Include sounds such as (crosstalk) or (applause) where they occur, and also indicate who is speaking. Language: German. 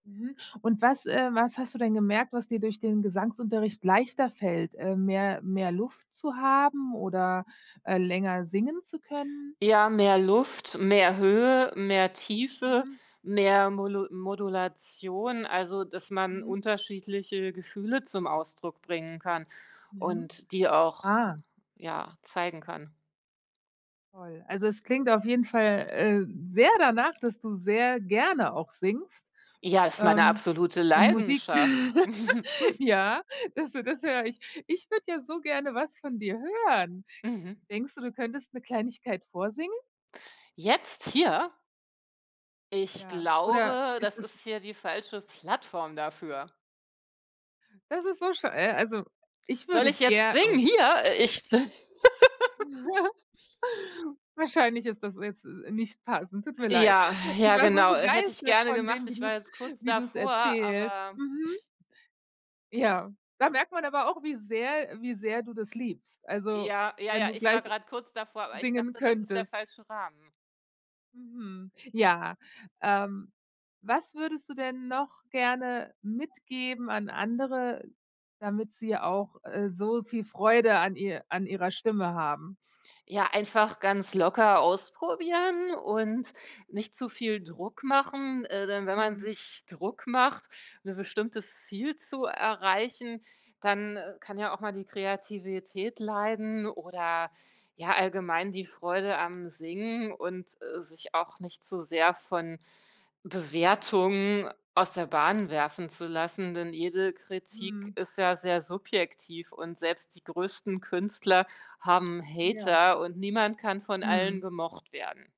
Speaker 1: Mhm. Und was ähm, was hast du denn gemerkt, was dir durch den Gesangsunterricht leichter fällt? Äh, mehr mehr Luft zu haben oder, äh, länger singen zu können?
Speaker 2: Ja, mehr Luft, mehr Höhe, mehr Tiefe,
Speaker 1: Mhm.
Speaker 2: mehr Molu Modulation, also, dass man
Speaker 1: Mhm.
Speaker 2: unterschiedliche Gefühle zum Ausdruck bringen kann
Speaker 1: Mhm,
Speaker 2: und die
Speaker 1: ah.
Speaker 2: auch, ja, zeigen kann.
Speaker 1: Toll, also es klingt auf jeden Fall, äh, sehr danach, dass du sehr gerne auch singst,
Speaker 2: Ja, ist meine
Speaker 1: ähm,
Speaker 2: absolute
Speaker 1: und Musik
Speaker 2: Leidenschaft.
Speaker 1: (laughs)
Speaker 2: (chuckles)
Speaker 1: Ja, dass du das höre ich. Ich würde ja so gerne was von dir hören.
Speaker 2: Mhm.
Speaker 1: Denkst du, du könntest 'ne Kleinigkeit vorsingen?
Speaker 2: Jetzt hier? Ich
Speaker 1: Ja, oder
Speaker 2: glaube,
Speaker 1: ist
Speaker 2: das
Speaker 1: es
Speaker 2: ist hier die falsche Plattform dafür.
Speaker 1: Das ist so schad äh, also, ich
Speaker 2: Soll
Speaker 1: würde
Speaker 2: ich jetzt
Speaker 1: ger
Speaker 2: singen,
Speaker 1: a
Speaker 2: hier? Äh, ich (laughs) Äh.
Speaker 1: (chuckles) Wahrscheinlich ist das jetzt, äh, nicht passend, tut mir leid.
Speaker 2: Ja,
Speaker 1: Ich
Speaker 2: ja
Speaker 1: war so
Speaker 2: genau, hätte ich
Speaker 1: begeistert
Speaker 2: gerne
Speaker 1: von
Speaker 2: gemacht.
Speaker 1: dem, wie
Speaker 2: Ich war
Speaker 1: du's
Speaker 2: jetzt kurz
Speaker 1: wie du's
Speaker 2: davor,
Speaker 1: erzählst.
Speaker 2: aber
Speaker 1: Mhm. Ja, da merkt man aber auch, wie sehr wie sehr du das liebst. Also,
Speaker 2: Ja, ja,
Speaker 1: wenn
Speaker 2: ja,
Speaker 1: du
Speaker 2: ich war
Speaker 1: gleich
Speaker 2: gerade kurz davor, aber ich
Speaker 1: singen
Speaker 2: dachte, das ist der
Speaker 1: könntest.
Speaker 2: falsche Rahmen.
Speaker 1: Mhm, ja, ähm, was würdest du denn noch gerne mitgeben an andere, damit sie auch, äh, so viel Freude an ihr an ihrer Stimme haben?
Speaker 2: Ja, einfach ganz locker ausprobieren und nicht zu viel Druck machen, äh, denn wenn man
Speaker 1: Mhm.
Speaker 2: sich Druck macht, 'n bestimmtes Ziel zu erreichen, dann kann ja auch mal die Kreativität leiden oder ja allgemein die Freude am Singen und, äh, sich auch nicht zu sehr von Bewertungen aus der Bahn werfen zu lassen, denn jede Kritik
Speaker 1: Mhm.
Speaker 2: ist ja sehr subjektiv und selbst die größten Künstler haben
Speaker 1: Ja.
Speaker 2: Hater und niemand kann von allen
Speaker 1: Mhm.
Speaker 2: gemocht werden.